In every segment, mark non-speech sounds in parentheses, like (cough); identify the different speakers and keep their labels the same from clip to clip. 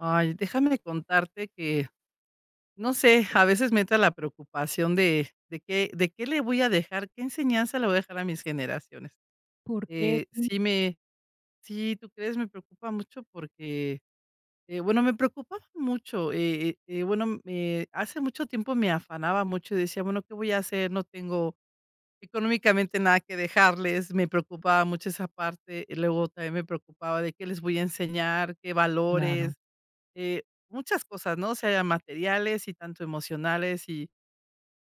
Speaker 1: Ay, déjame de contarte que no sé, a veces me entra la preocupación de de qué de qué le voy a dejar qué enseñanza le voy a dejar a mis generaciones.
Speaker 2: ¿Por que
Speaker 1: Eh,
Speaker 2: tu?
Speaker 1: sí me sí, tú crees, me preocupa mucho porque, eh, bueno, me preocupaba mucho. Eh, eh, bueno, eh, me hace mucho tiempo me afanaba mucho, y decía: "Bueno, ¿qué voy a hacer? No tengo económicamente nada que dejarles". Me preocupaba mucho esa parte. Y luego también, me preocupaba de ¿qué les voy a enseñar?, ¿qué
Speaker 2: Claro.
Speaker 1: valores? Eh, muchas cosas, ¿no? Sean materiales y tanto emocionales, y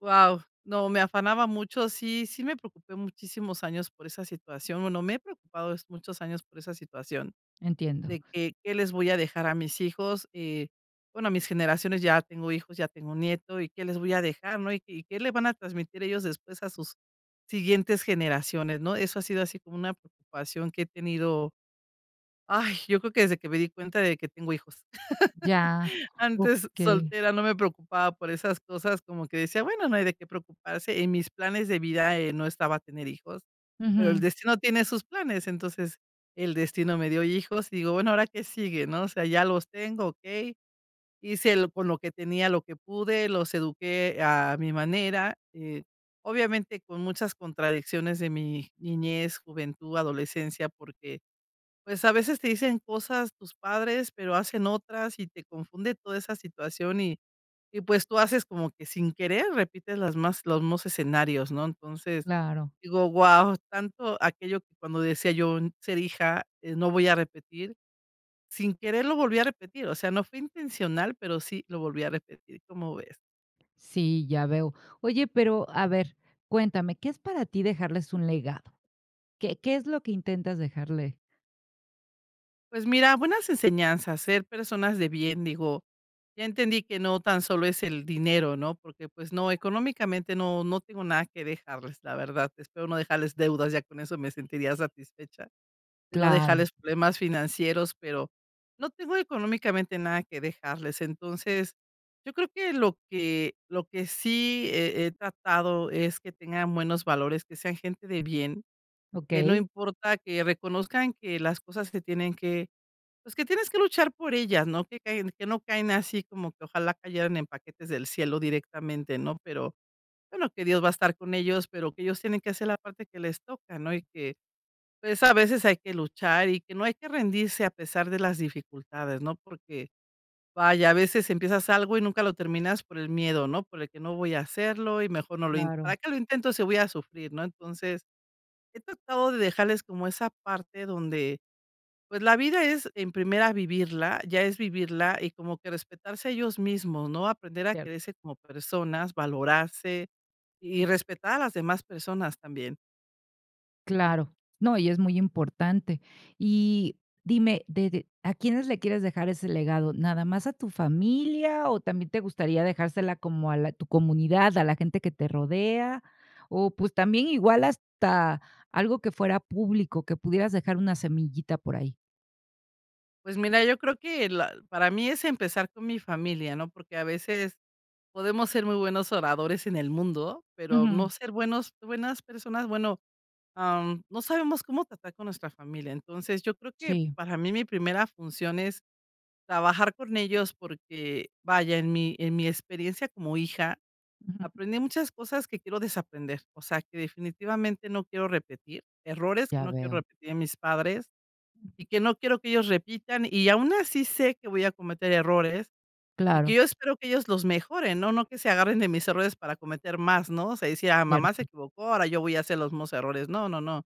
Speaker 1: ¡guau!, no me afanaba mucho. Sí, sí me preocupé muchísimos años por esa situación. Bueno, me he preocupado muchos años por esa situación
Speaker 2: Entiendo.
Speaker 1: de que qué les voy a dejar a mis hijos, eh, bueno, mis generaciones. Ya tengo hijos, ya tengo nieto y qué les voy a dejar, ¿no? Y y qué le van a transmitir ellos después a sus siguientes generaciones, ¿no? Eso ha sido así como una preocupación que he tenido. ¡Ay!, yo creo que desde que me di cuenta de que tengo hijos.
Speaker 2: Ya.
Speaker 1: (laughs) Antes,
Speaker 2: Okey.
Speaker 1: soltera, no me preocupaba por esas cosas, como que decía: "Bueno, no hay de qué preocuparse". En mis planes de vida, eh, no estaba tener hijos, pero el
Speaker 2: Ujú.
Speaker 1: destino tiene sus planes. Entonces, el destino me dio hijos, y digo: "Bueno, ahora qué sigue, ¿no?". O sea, ya los tengo, okey. Hice el con lo que tenía, lo que pude, los eduqué a mi manera, eh, obviamente con muchas contradicciones de mi niñez, juventud, adolescencia, porque, pues, a veces te dicen cosas tus padres, pero hacen otras y te confunde toda esa situación. Y y, pues, tú haces como que sin querer repites las más los mos escenarios, ¿no? Entonces,
Speaker 2: Claro.
Speaker 1: digo: "¡Guau!, tanto aquello cuando decía yo, 'ser hija, eh, no voy a repetir'", sin querer lo volví a repetir. O sea, no fue intencional, pero sí lo volví a repetir, ¿cómo ves?
Speaker 2: Sí, ya veo. Oye, pero, a ver, cuéntame, ¿qué es para ti dejarles un legado? ¿Qué qué es lo que intentas dejarle?
Speaker 1: Pues mira, buenas enseñanzas, ser personas de bien, digo, ya entendí que no tan solo es el dinero, no, porque, pues no, económicamente no, no tengo nada que dejarles. La verdad, espero no dejarles deudas. Ya con eso me sentiría satisfecha, de no
Speaker 2: Claro.
Speaker 1: dejarles problemas financieros, pero no tengo económicamente nada que dejarles. Entonces, yo creo que lo que lo que sí he he tratado es que tengan buenos valores, que sean gente de bien, que no
Speaker 2: Okey.
Speaker 1: importa que reconozcan que las cosas que tienen que pues, que tienes que luchar por ellas, no que caen que no caen así como que ojalá cayeran en paquetes del cielo directamente, no, pero bueno que Dios va a estar con ellos, pero que ellos tienen que hacer la parte que les toca, ¿no? Y que pues, a veces hay que luchar, y que no hay que rendirse a pesar de las dificultades, ¿no? Porque, vaya, a veces empiezas algo y nunca lo terminas por el miedo, ¿no? Por el que no voy a hacerlo y mejor no lo int para
Speaker 2: Claro.
Speaker 1: que lo intento sí voy a sufrir, ¿no? Entonces, he tratado de dejarles como esa parte donde, pues, la vida es en primera vivirla, ya es vivirla y como que respetarse ellos mismos, ¿no?, aprender a
Speaker 2: Cierto.
Speaker 1: quererse como personas, valorarse y
Speaker 2: Ujú.
Speaker 1: respetar a las demás personas también.
Speaker 2: Claro. No, y es muy importante. Y dime, ¿de de a quiénes le quieres dejar ese legado? ¿Nada más a tu familia o también te gustaría dejársela como a la tu comunidad, a la gente que te rodea? O, pues, también igual hasta algo que fuera público, que pudieras dejar una semillita por ahí.
Speaker 1: Pues mira, yo creo que la para mí es empezar con mi familia, ¿no? Porque a veces podemos ser muy buenos oradores en el mundo, pero
Speaker 2: Ujú.
Speaker 1: no ser buenos buenas personas. Bueno, am, no sabemos cómo tratar con nuestra familia. Entonces, yo creo que
Speaker 2: Sí.
Speaker 1: para mí, mi primera función es trabajar con ellos porque, vaya, en mi en mi experiencia como hija
Speaker 2: Ujú.
Speaker 1: aprendí muchas cosas que quiero desaprender. O sea, que definitivamente no quiero repetir errores que
Speaker 2: Ya
Speaker 1: no quiero
Speaker 2: veo.
Speaker 1: repetir en mis padres y que no quiero que ellos repitan, y aun así sé que voy a cometer errores, y
Speaker 2: Claro.
Speaker 1: que yo espero que ellos los mejoren, ¿no?, no que se agarren de mis errores para cometer más, ¿no?, se decía mamá se
Speaker 2: Cierto.
Speaker 1: equivocó, ahora yo voy a hacer los mismos errores. No, no, no,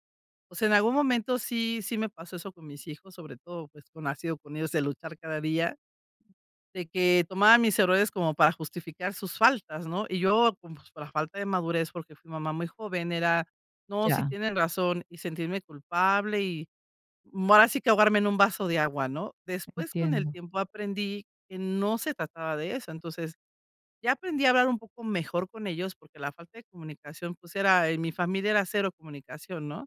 Speaker 1: o sea, en algún momento sí sí me pasó eso con mis hijos, sobre todo, pues, como ha sido con ellos de luchar cada día. De que tomaba mis errores como para justificar sus faltas, ¿no?, y yo como, pues, por la falta de madurez, porque fui mamá muy joven, era: "No, si
Speaker 2: Ya.
Speaker 1: tienen razón", y sentirme culpable y, mm, ahora sí que ahogarme en un vaso de agua, ¿no? Después, con el
Speaker 2: Entiendo.
Speaker 1: tiempo, aprendí que no se trataba de eso. Entonces ya aprendí a hablar un poco mejor con ellos, porque la falta de comunicación, pues era en mi familia era cero comunicación, ¿no?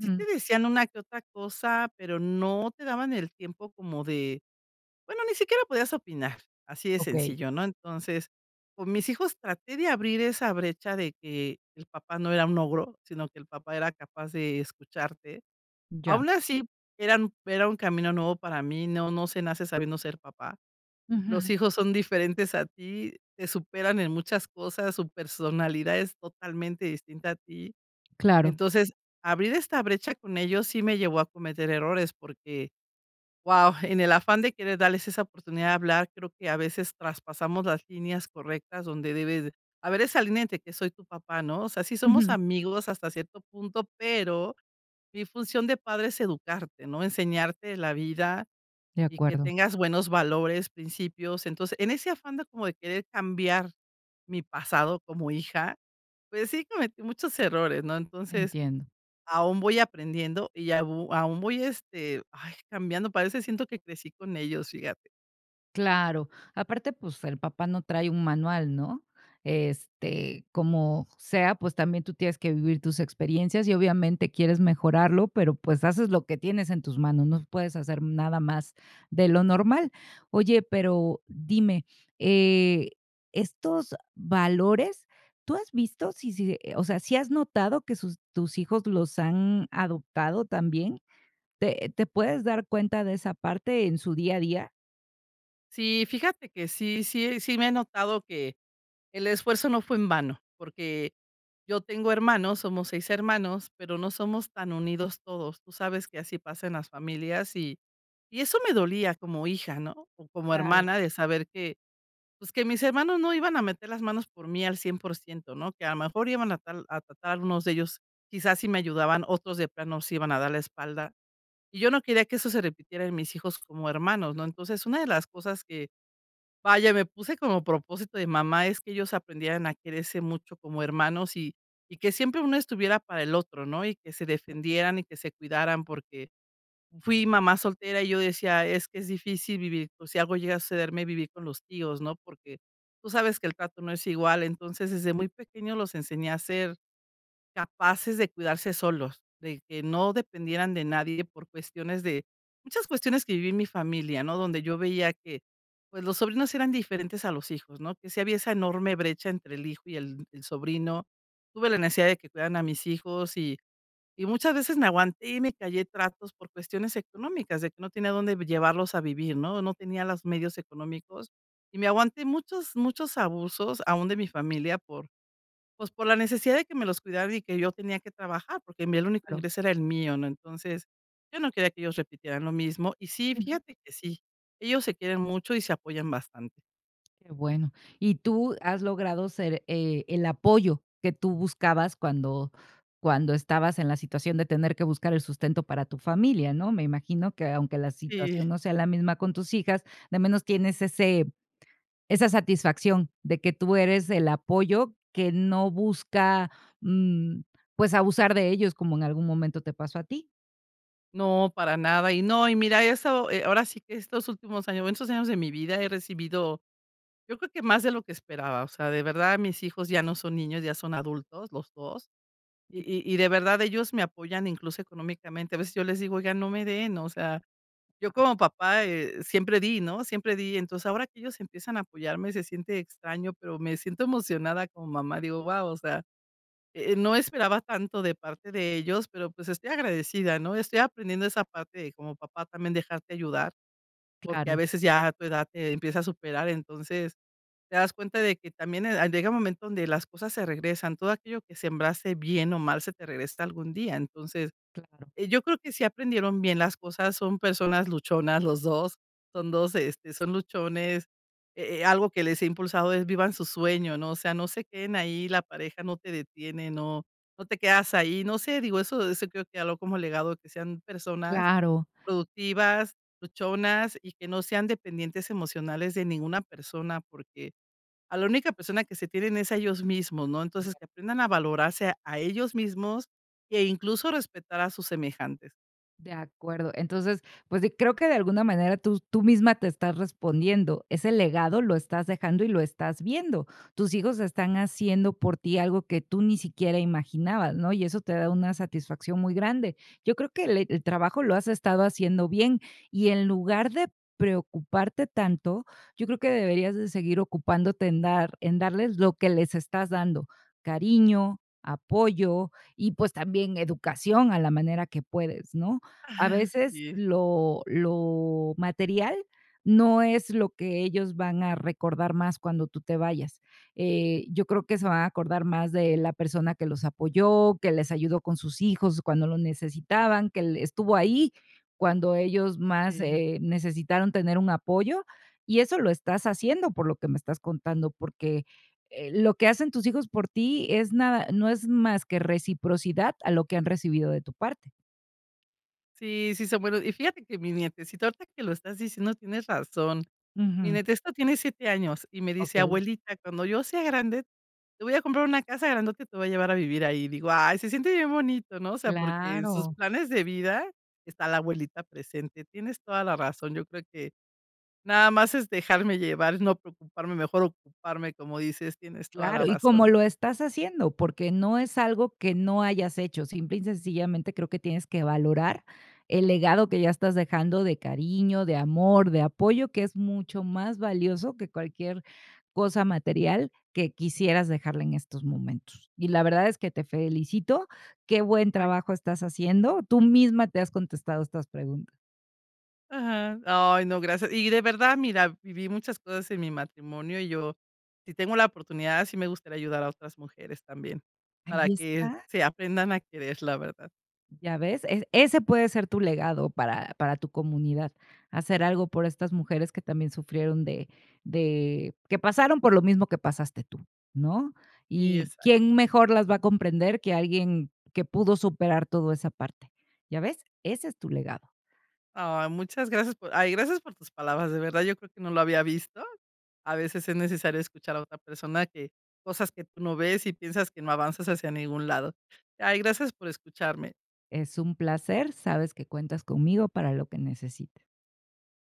Speaker 1: Sí, te decían una que otra cosa, pero no te daban el tiempo como de, bueno, ni siquiera podías opinar así de
Speaker 2: Okey.
Speaker 1: sencillo, ¿no? Entonces, con mis hijos traté de abrir esa brecha de que el papá no era un ogro, sino que el papá era capaz de escucharte.
Speaker 2: Ya.
Speaker 1: Aun así eran era un camino nuevo para mí. No, no se nace sabiendo ser papá. Los
Speaker 2: Ujú.
Speaker 1: hijos son diferentes a ti, te superan en muchas cosas, su personalidad es totalmente distinta a ti,
Speaker 2: Claro.
Speaker 1: entonces, abrir esta brecha con ellos sí me llevó a cometer errores, porque, ¡wao!, en el afán de querer darles esa oportunidad de hablar, creo que a veces traspasamos las líneas correctas donde debes haber esa línea de que soy tu papá, ¿no? O sea, sí somos
Speaker 2: Ujú.
Speaker 1: amigos hasta cierto punto, pero mi función de padre es educarte, ¿no? Enseñarte la vida
Speaker 2: De
Speaker 1: y que
Speaker 2: acuerdo.
Speaker 1: tengas buenos valores, principios. Entonces, en ese afán como de querer cambiar mi pasado como hija, pues sí, cometí muchos errores, ¿no? Entonces
Speaker 2: Entiendo.
Speaker 1: aún voy aprendiendo y au aún voy, este, ay, cambiando. Parece siento que crecí con ellos, fíjate.
Speaker 2: Claro, aparte, pues, el papá no trae un manual, ¿no? Este, como sea, pues, también tú tienes que vivir tus experiencias, y obviamente, quieres mejorarlo, pero, pues, haces lo que tienes en tus manos, no puedes hacer nada más de lo normal. Oye, pero, dime, eh, estos valores, ¿tú has visto si si o sea, sí has notado que sus tus hijos los han adoptado también? ¿Te te puedes dar cuenta de esa parte en su día a día?
Speaker 1: Sí, fíjate que sí sí sí me he notado que el esfuerzo no fue en vano. Porque yo tengo hermanos, somos 6 hermanos, pero no somos tan unidos todos. Tú sabes que así pasa en las familias y y eso me dolía como hija, ¿no?, o como
Speaker 2: Claro.
Speaker 1: hermana de saber que, pues, que mis hermanos no iban a meter las manos por mí al 100%, ¿no?, que a mejor iban a tal a tratar unos de ellos, quizás, sí me ayudaban, otros de plano nos iban a dar la espalda. Y yo no quería que eso se repitiera en mis hijos como hermanos, ¿no? Entonces, una de las cosas que, vaya, me puse como propósito de mamá es que ellos aprendieran a quererse mucho como hermanos, y y que siempre uno estuviera para el otro, ¿no?, y que se defendieran y que se cuidaran, porque fui mamá soltera, y yo decía: "Es que es difícil vivir, por si algo llega a sucederme, vivir con los tíos, ¿no?", porque tú sabes que el trato no es igual. Entonces, desde muy pequeños los enseñé a ser capaces de cuidarse solos, de que no dependieran de nadie por cuestiones de muchas cuestiones que viví en mi familia, ¿no?, donde yo veía que, pues, los sobrinos eran diferentes a los hijos, ¿no?, que si había esa enorme brecha entre el hijo y el el sobrino. Tuve la necesidad de que cuidaran a mis hijos y y muchas veces me aguanté y me callé tratos por cuestiones económicas de que no tenía dónde llevarlos a vivir, ¿no?, o no tenía las medios económicos, y me aguanté muchos muchos abusos, aún de mi familia por, pues, por la necesidad de que me los cuidaran y que yo tenía que trabajar, porque en mí el único
Speaker 2: Claro.
Speaker 1: ingreso era el mío, ¿no? Entonces, yo no quería que ellos repitieran lo mismo. Y sí
Speaker 2: Ujú.
Speaker 1: fíjate que sí, ellos se quieren mucho y se apoyan bastante.
Speaker 2: Qué bueno. Y tú has logrado ser, eh, el apoyo que tú buscabas cuando cuando estabas en la situación de tener que buscar el sustento para familia, ¿no? Me imagino que, aunque la situación
Speaker 1: Sí.
Speaker 2: no sea la misma con tus hijas, de menos tienes ese esa satisfacción de que tú eres el apoyo que no busca, mm, pues, abusar de ellos, como en algún momento te pasó a ti.
Speaker 1: No, para nada. Y no, y mira eso, ahora sí que estos últimos años, bueno estos años de mi vida he recibido, yo creo que más de lo que esperaba. O sea, de verdad, mis hijos ya no son niños, ya son adultos los 2. Y y y de verdad, ellos me apoyan incluso económicamente. A veces yo les digo: "Oiga, no me den". O sea, yo
Speaker 2: Ah.
Speaker 1: como papá, eh, siempre di, no, siempre di. Entonces, ahora que ellos empiezan a apoyarme, se siente extraño, pero me siento emocionada como mamá, digo: "Guau, o sea, eh eh, no esperaba tanto de parte de ellos", pero, pues, estoy agradecida, ¿no? Estoy aprendiendo esa parte de como papá también dejarte ayudar, porque a
Speaker 2: Claro.
Speaker 1: veces ya a tu edad te empieza a superar. Entonces, te das cuenta de que también, eh, llega un momento donde las cosas se regresan, todo aquello que sembrase bien o mal se te regresa algún día. Entonces,
Speaker 2: Claro.
Speaker 1: eh, yo creo que sí aprendieron bien las cosas, son personas luchonas, los 2 son 2 este, son luchones, eh eh, algo que les he impulsado es vivan su sueño, ¿no? O sea, no se queden ahí, la pareja no te detiene, no, no te quedas ahí. No sé, digo eso eso creo que habló como legado, que sean personas
Speaker 2: Claro.
Speaker 1: productivas, luchonas y que no sean dependientes emocionales de ninguna persona, porque a la única persona que se tienen es a ellos mismos, ¿no?
Speaker 2: De
Speaker 1: Entonces, que aprendan a
Speaker 2: acuerdo.
Speaker 1: valorarse a ellos mismos, e incluso, a respetar a sus semejantes.
Speaker 2: De acuerdo. Entonces, pues sí, creo que de alguna manera, tú tú misma te estás respondiendo. Ese legado lo estás dejando y lo estás viendo. Tus hijos están haciendo por ti algo que tú ni siquiera imaginabas, ¿no?, y eso te da una satisfacción muy grande. Yo creo que le el trabajo lo has estado haciendo bien. Y en lugar de preocuparte tanto, yo creo que deberías de seguir ocupándote en dar en darles lo que les estás dando, cariño, apoyo y, pues, también educación a la manera que puedes, ¿no? A
Speaker 1: Ah,
Speaker 2: veces
Speaker 1: sí.
Speaker 2: lo lo material no es lo que ellos van a recordar más cuando tú te vayas. Eh, yo creo que se van a acordar más de la persona que los apoyó, que les ayudó con sus hijos cuando lo necesitaban, que le estuvo ahí cuando ellos más,
Speaker 1: Sí.
Speaker 2: eh, necesitaron tener un apoyo, y eso lo estás haciendo, por lo que me estás contando, porque, eh, lo que hacen tus hijos por ti es nada no es más que reciprocidad a lo que han recibido de tu parte.
Speaker 1: Sí, sí, se bueno, y fíjate que mi nietecito, ahorita que lo estás diciendo, tienes razón. Mi
Speaker 2: Ujú.
Speaker 1: nietecito tiene 7 años, y me dice:
Speaker 2: Okey.
Speaker 1: "Abuelita, cuando yo sea grande, te voy a comprar una casa grandota, y te voy a llevar a vivir ahí". Digo: "Ay, se siente bien bonito", ¿no? O sea, porque en sus
Speaker 2: Claro.
Speaker 1: planes de vida está la abuelita presente. Tienes toda la razón. Yo creo que nada más es dejarme llevar, no preocuparme, mejor ocuparme, como dices, tienes toda la
Speaker 2: Claro, y como
Speaker 1: razón.
Speaker 2: lo estás haciendo, porque no es algo que no hayas hecho. Simple y sencillamente, creo que tienes que valorar el legado que ya estás dejando de cariño, de amor, de apoyo, que es mucho más valioso que cualquier cosa material que quisieras dejarle en estos momentos. Y la verdad es que te felicito, qué buen
Speaker 1: Ay.
Speaker 2: trabajo estás haciendo, tú misma te has contestado estas pregunta.
Speaker 1: Ajá, ay no, gracias. Y de verdad, mira, viví muchas cosas en mi matrimonio y yo, si tengo la oportunidad, sí me gustaría ayudar a otras mujeres también para
Speaker 2: Ahí
Speaker 1: que
Speaker 2: está.
Speaker 1: se aprendan a querer. La verdad.
Speaker 2: ¿Ya ves? Es ese puede ser tu legado para para tu comunidad, hacer algo por estas mujeres que también sufrieron de de que pasaron por lo mismo que pasaste tú, ¿no?
Speaker 1: Y,
Speaker 2: Y
Speaker 1: exac
Speaker 2: quién mejor las va a comprender que alguien que pudo superar todo esa parte, ¿ya ves? Ese es tu legado.
Speaker 1: Ay, muchas gracias por ay, gracias por tus palabras, de verdad yo creo que no lo había visto. A veces es necesario escuchar a otra persona que cosas que tú no ves y piensas que no avanzas hacia ningún lado. Ay gracias por escucharme.
Speaker 2: Es un placer, sabes que cuentas conmigo para lo que necesita.